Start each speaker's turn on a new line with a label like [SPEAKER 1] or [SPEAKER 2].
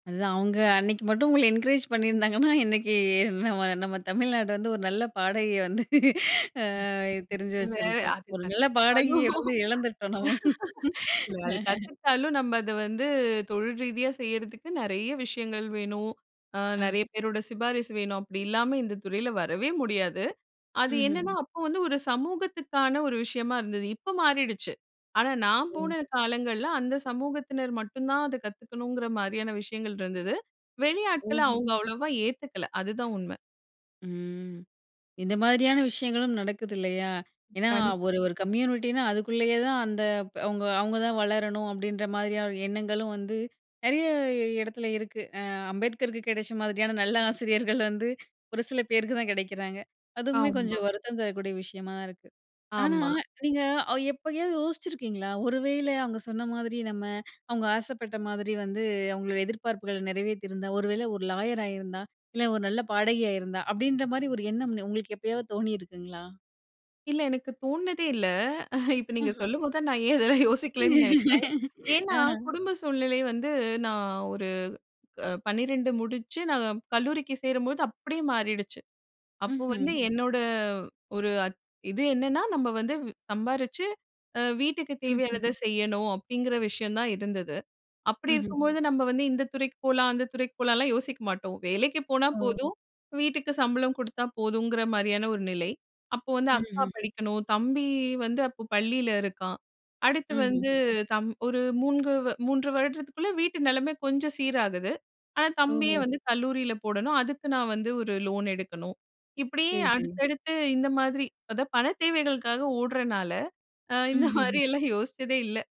[SPEAKER 1] அதுதான் அவுங்க அன்னக்கு மட்டும் உங்கள என்கரேஜ் பண்ணியிருந்தாங்கன்னா, இன்னக்கு அ நம்ம நம்ம தமிழ்நாடு வந்து ஒரு நல்ல பாடகியை வந்து ஆ
[SPEAKER 2] ம் வே
[SPEAKER 1] தெரிஞ்சு
[SPEAKER 2] ஒரு வேளை
[SPEAKER 1] வச்சிருக்கும்.
[SPEAKER 2] அது
[SPEAKER 1] ஒரு நல்ல
[SPEAKER 2] கத்துக்கிட்டாலும்,
[SPEAKER 1] பாடகியை வந்து இழந்துட்டோம் நம்ம.
[SPEAKER 2] இல்ல அது கத்துக்கிட்டாலும் நம்ம அத வந்து தொழில் ரீதியா செய்றதுக்கு நிறைய விஷயங்கள் வேணும். அ
[SPEAKER 1] ஆ.
[SPEAKER 2] நிறைய பேரோட சிபாரிசு வேணும். அப்டி இல்லாம இந்த துறையில வரவே முடியாது. அது என்னன்னா
[SPEAKER 1] ம்ஹ்ஹும்.
[SPEAKER 2] அப்போ வந்து ஒரு சமூகத்துக்கான ஒரு விஷயமா இருந்தது. இப்போ மாறிடுச்சு. ஆனா, நான்
[SPEAKER 1] ஓ!
[SPEAKER 2] போன காலங்கள்ல அந்த சமூகத்தினர் மட்டுந்தான் அத கத்துக்கணுங்கிற மாரியான விஷயங்கள் இருந்தது. வெளி ஆட்கள
[SPEAKER 1] ஓஹோ.
[SPEAKER 2] அவுங்க அவ்வளோவா ஏத்துக்கல. அதுதான் உண்மை.
[SPEAKER 1] ம். இந்த மாதிரியான விஷயங்களும் நடக்குது இல்லயா? ஏன்னா,
[SPEAKER 2] கண்
[SPEAKER 1] ஒரு ஒரு கம்யூனிட்டின்னா அதுக்குள்ளேயே தான் அந்த ப்ப அவுங்க அவுங்க தான் வளரணும் அப்டின்ற மாதிரியான எண்ணங்களும் வந்து, நெறையா எடத்துல இருக்கு. அ அம்பேத்கருக்கு கெடைச்ச மாதிரியான நல்ல ஆசிரியர்கள் வந்து ஒரு சில பேருக்கு தான் கெடைக்கிறாங்க. அதுவுமே
[SPEAKER 2] ஆமா.
[SPEAKER 1] கொஞ்சம் வருத்தம் தரக்கூடிய விஷயமா இருக்கு. ஆனா,
[SPEAKER 2] ஆமா.
[SPEAKER 1] நீங்க அ எப்பையாவது யோசிச்சிருக்கீங்களா? ஒருவேள அவுங்க சொன்ன மாதிரி நம்ம அவுங்க ஆசைப்பட்ட மாதிரி வந்து, அவுங்களோட எதிர்பார்ப்புகள் நிறைவேத்தியிருந்தா! ஒருவேள ஒரு லாயர் ஆயிருந்தா? இல்ல ஒரு நல்ல பாடகியாயிருந்தா!? அப்டின்ற மாதிரி ஒரு எண்ணம் உங்களுக்கு எப்பயாவது தோணியிருக்குங்களா?
[SPEAKER 2] இல்ல எனக்கு தோணுனதே இல்ல. இப்போ நீங்க
[SPEAKER 1] ம்ஹ்ம்.
[SPEAKER 2] சொல்லும்போது தான், நான் ஏன் இதெல்லாம் யோசிக்கலன்னு நெனக்கிறேன். ஏன்னா
[SPEAKER 1] ஆ.
[SPEAKER 2] குடும்ப சூழ்நிலை வந்து, நான் ஒரு க 12 முடிச்சு நான் கல்லூரிக்கு சேரும்போது, அப்டியே மாறிடுச்சு. அப்போ வந்து
[SPEAKER 1] ம்ஹ்ம்.
[SPEAKER 2] என்னோட ஒரு அத் இது என்னன்னா, நம்ம வந்து வி சம்பாரிச்சு, அ வீட்டுக்கு
[SPEAKER 1] ம்ஹ்ம்.
[SPEAKER 2] தேவையானதை செய்யணும். அப்டிங்கிற விஷயம் தான் இருந்தது. அப்படி
[SPEAKER 1] ம்ஹ்ம்.
[SPEAKER 2] இருக்கும்போது, நம்ம வந்து இந்த துறைக்கு போலாம், அந்த துறைக்கு போலாம்லாம் யோசிக்க மாட்டோம். வேலக்கு போனா
[SPEAKER 1] ஓ!
[SPEAKER 2] போதும், வீட்டுக்கு சம்பளம் குடுத்தா போதுங்கிற மாரியான ஒரு நிலை. அப்போ வந்து அக்கா
[SPEAKER 1] ம்ஹ்ஹும்.
[SPEAKER 2] படிக்கணும், தம்பி வந்து அப்ப பள்ளில இருக்கான். அடுத்து வந்து
[SPEAKER 1] ம்ஹ்ஹும்.
[SPEAKER 2] தம் ஒரு மூண்கு 3 வருடத்துக்குள்ள, வீட்டு நிலமை கொஞ்சம் சீராகுது. ஆனா, தம்பிய
[SPEAKER 1] ஓஹோ,
[SPEAKER 2] வந்து கல்லூரில போடணும். அதுக்கு நான் வந்து ஒரு லோன் எடுக்கணும். இப்டியே
[SPEAKER 1] சரி சரி.
[SPEAKER 2] அடுத்தடுத்து இந்த மாதிரி அதா பண தேவைகளுக்கா ஓடுறனால, அ இந்த
[SPEAKER 1] ம்ஹ்ஹும்.
[SPEAKER 2] மாரியெல்லாம் அ யோசிச்சதே இல்ல.